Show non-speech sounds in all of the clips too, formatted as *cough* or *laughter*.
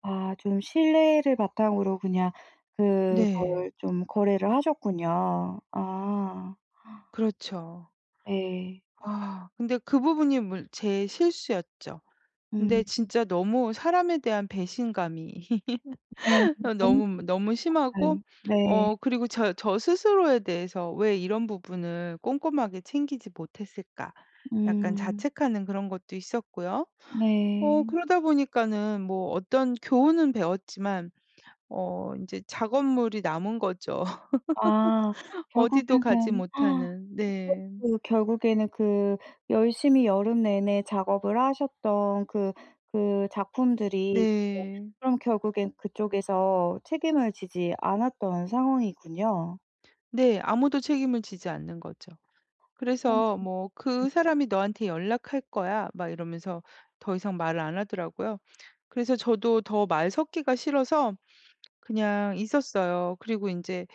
아. 좀 신뢰를 바탕으로 그냥 그걸 네. 좀 거래를 하셨군요. 아. 그렇죠. 예. 아. 근데 그 부분이 물 제 실수였죠. 음. 근데 진짜 너무 사람에 대한 배신감이 네. *laughs* 어 너무 너무, *unintelligible* 것 너무 심하고 같아요. 네. 어 그리고 저 저 스스로에 대해서 '왜 이런 부분을 꼼꼼하게 챙기지 못했을까.' 약간 음. 자책하는 그런 것도 있었고요. 어 네. 그러다 보니까는 뭐 어떤 교훈은 배웠지만 어 인제 작업물이 남은 거죠, 아. *laughs* 어디도 가지 결국에는 *gasps* 못하는. 그럼 네. 그 결국에는 그 열심히 여름 내내 작업을 하셨던 그, 그 작품들이 네. *unintelligible* 그럼 결국엔 그쪽에서 책임을 지지 않았던 상황이군요. 네. 아무도 책임을 지지 않는 거죠. 그래서 뭐 "그 *unintelligible* 사람이 너한테 연락할 거야." 막 이러면서 더 이상 말을 안 하더라고요. 그래서 저도 더 말 섞기가 싫어서 그냥 있었어요. 그리고 인제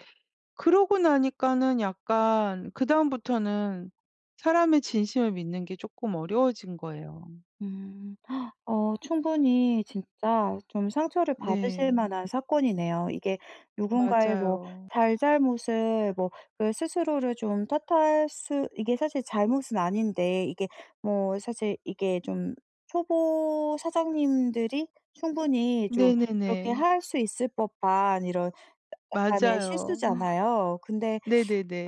그러고 나니까는 약간 그다음부터는 사람의 진심을 믿는 게 쪼끔 어려워진 거예요. 음. 어 충분히 진짜 좀 상처를 받으실 네. 만한 사건이네요. 이게 누군가의 뭐 맞아요. 잘잘못을 뭐 그 스스로를 좀 탓할 수 이게 사실 잘못은 아닌데 이게 뭐 사실 이게 좀 초보 사장님들이 충분히 좀 그렇게 네네네. 할 수 있을 법한 이런 야 약간의 맞아요. 실수잖아요. 근데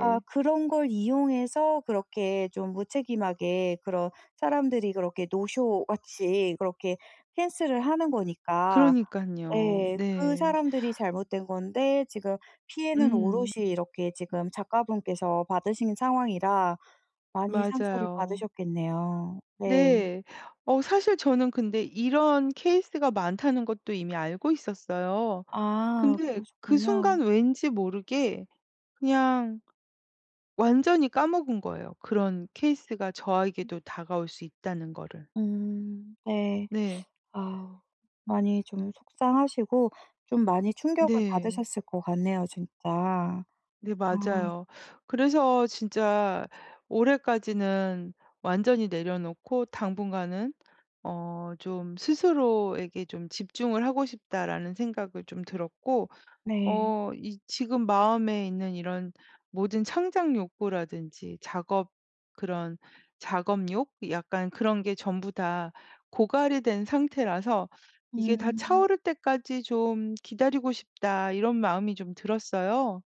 아 그런 걸 이용해서 그렇게 좀 무책임하게 그런 사람들이 그렇게 노쇼 같이 그렇게 펜스를 하는 거니까. 그러니깐요. 예. 그 네. 사람들이 잘못된 건데 지금 피해는 음. 오롯이 이렇게 지금 작가분께서 받으신 상황이라 많이 상처를 맞아요. 받으셨겠네요. 네. 네. 어 사실 저는 근데 이런 케이스가 많다는 것도 이미 알고 있었어요. 아. 근데 그 그러셨군요. 순간 왠지 모르게 그냥 완전히 까먹은 거예요. 그런 케이스가 음. 저에게도 다가올 수 있다는 거를. 음. 네. 네. 아우 많이 좀 속상하시고 좀 많이 충격을 네. 받으셨을 것 같네요, 진짜. 네. 아. 맞아요. 그래서 진짜 올해까지는 완전히 내려놓고 당분간은 어 좀 '스스로에게 좀 집중을 하고 싶다.'라는 생각을 좀 들었고 네. 어 이 지금 마음에 있는 이런 모든 창작 욕구라든지 작업 그런 작업욕? 약간 그런 게 전부 다 고갈이 된 상태라서 '이게 다 음. 차오를 때까지 좀 기다리고 싶다.' 이런 마음이 좀 들었어요.